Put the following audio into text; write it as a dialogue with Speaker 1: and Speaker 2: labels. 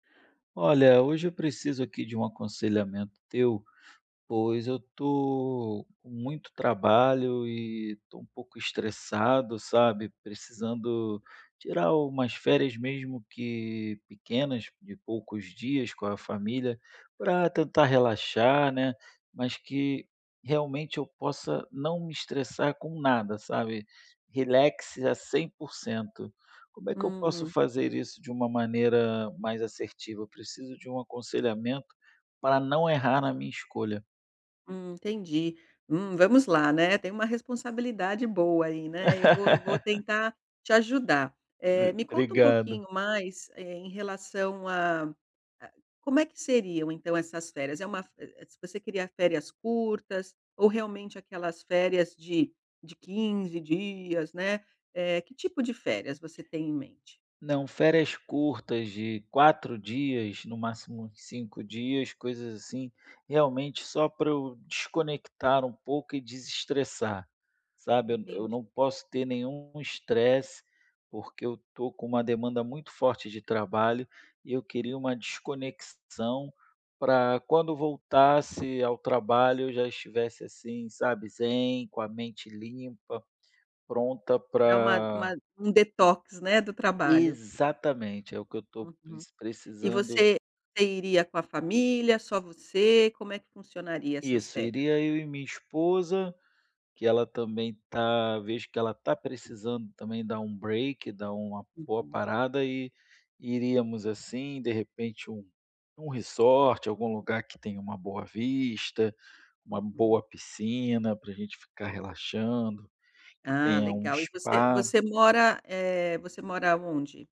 Speaker 1: Olha, hoje eu preciso aqui de um aconselhamento teu, pois eu estou com muito trabalho e estou um pouco estressado, sabe? Precisando tirar umas férias mesmo que pequenas, de poucos dias com a família, para tentar relaxar, né. Mas que realmente eu possa não me estressar com nada, sabe? Relaxe a 100%. Como é que eu posso
Speaker 2: Hum.
Speaker 1: fazer isso de uma maneira mais assertiva? Eu preciso de um aconselhamento, para não errar na minha escolha.
Speaker 2: Hum. Entendi. Hum, vamos lá, né, tem uma responsabilidade boa aí, né, eu vou eu vou tentar te ajudar. Eh,
Speaker 1: [unintelligible]
Speaker 2: me conta um
Speaker 1: Obrigado.
Speaker 2: pouquinho mais em relação a a, como é que seriam então essas férias? É uma v vo vo você queria férias curtas, ou realmente aquelas férias de de 15 dias, né. Eh, que tipo de férias você tem em mente?
Speaker 1: Não, férias curtas de 4 dias, no máximo 5 dias, coisas assim, realmente só pra eu desconectar um pouco e desestressar, sabe? Eu
Speaker 2: Entendi.
Speaker 1: não posso ter nenhum estresse, porque eu estou com uma demanda muito forte de trabalho, e eu queria uma desconexão, para quando voltasse ao trabalho eu já estivesse assim, sabe, zen, com a mente limpa, pronta
Speaker 2: Dá uma
Speaker 1: para
Speaker 2: uma um detox, né, do trabalho.
Speaker 1: exatamente, é o que eu estou
Speaker 2: Uhum. E
Speaker 1: precisando.
Speaker 2: você você iria com a família, só você, como é que funcionaria essas
Speaker 1: Isso,
Speaker 2: férias ai?
Speaker 1: iria eu e minha esposa, que ela também está vejo que ela está precisando também dar um break dar uma boa
Speaker 2: Uhum.
Speaker 1: parada, e iríamos assim, de repente, um um resort, algum lugar que tenha uma boa vista, uma boa
Speaker 2: Uhum.
Speaker 1: piscina para a gente ficar relaxando, que
Speaker 2: Ah
Speaker 1: tenha um
Speaker 2: legal e você
Speaker 1: spa.
Speaker 2: você mora, eh, você mora aonde?